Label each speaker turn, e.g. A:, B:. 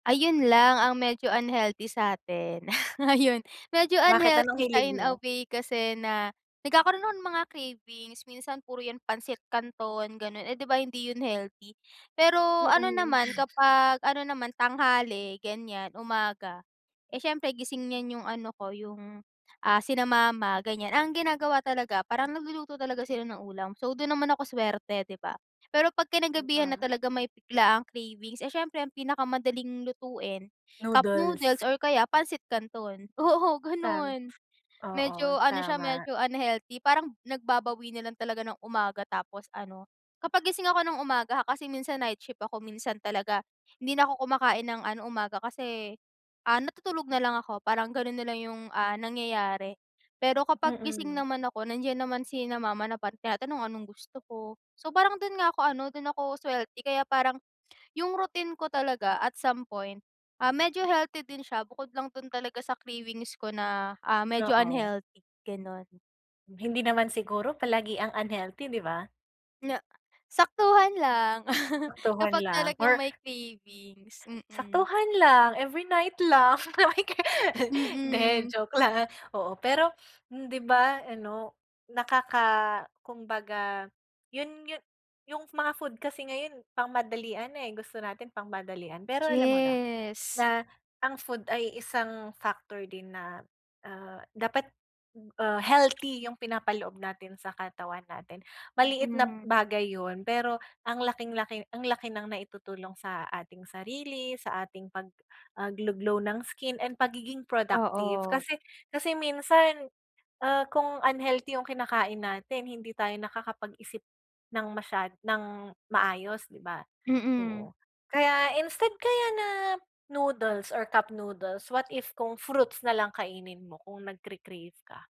A: Ayun lang ang medyo unhealthy sa atin. Ayun, medyo
B: Bakit anong
A: unhealthy siya
B: hilig
A: in a
B: mo?
A: way kasi na nagkakaroon ako ng mga cravings. Minsan puro yan pansit kanton gano'n, eh, 'di ba hindi yun healthy? Pero ano
B: Mm.
A: naman kapag, ano naman tanghali ganyan, umaga. Eh, siyempre gising yan yung ano ko yung, ah, sina mama ganyan. Ang ginagawa talaga, parang nagluluto talaga sila ng ulam. So, dun naman ako swerte, 'di ba? Pero 'pag
B: An
A: kinagabihan na
B: ah.
A: talaga may biglaang cravings. Eh, siyempre ang pinakamadaling lutuin, cup noodles
B: Noodles.
A: or kaya pansit kanton. Oo,
B: Ta
A: ganun. Medyo
B: oo,
A: ano siya,
B: tama.
A: medyo unhealthy parang nagbabawi na lang talaga ng umaga tapos ano, kapag gising ako ng umaga ha kasi minsan nightshift ako. Minsan talaga hindi na ako kumakain ng ano umaga. Kasi, ah, natutulog na lang ako parang ganun nalang yung, ah, nangyayari. Pero kapag gising
B: Mm.
A: naman ako nandiyan naman sina mama na pag tinatanong anong gusto ko. So parang dun nga ako ano do'n ako swerte. Kaya parang, yung routine ko talaga at some point, ah, medyo healthy din siya. Bukod lang dun talaga sa cravings ko na, ah, medyo
B: Oo.
A: unhealthy, gano'n.
B: Hindi naman siguro palagiang unhealthy, 'di ba?
A: Na saktuhan lang,
B: Saktuhan
A: kapag
B: lang, or
A: talagang may cravings. Mm.
B: Saktuhan lang, every night lang.
A: Mm.
B: Hindi, joke lang oo pero 'di ba ano nakaka kumbaga yun yun yung mga food kasi ngayon pangmadalian na, eh, gusto natin pangmadalian pero alam mo na,
A: Yes.
B: na ang food ay isang factor din na, ah, dapat, ah, healthy yung pinapaloob natin sa katawan natin, maliit na
A: Mm.
B: bagay yun pero ang laking-laki ang laki ng naitutulong sa ating sarili, sa ating pag, ah, glow glow ng skin and pagiging productive.
A: Oo.
B: Kasi kasi minsan, ah, kung unhealthy yung kinakain natin hindi tayo nakakapag-isip ng masyad nang maayos, 'di ba?
A: Mm.
B: Oo, kaya instead kaya na noodles or cup noodles, what if kung fruits nalang kainin mo kung nagke-crave ka?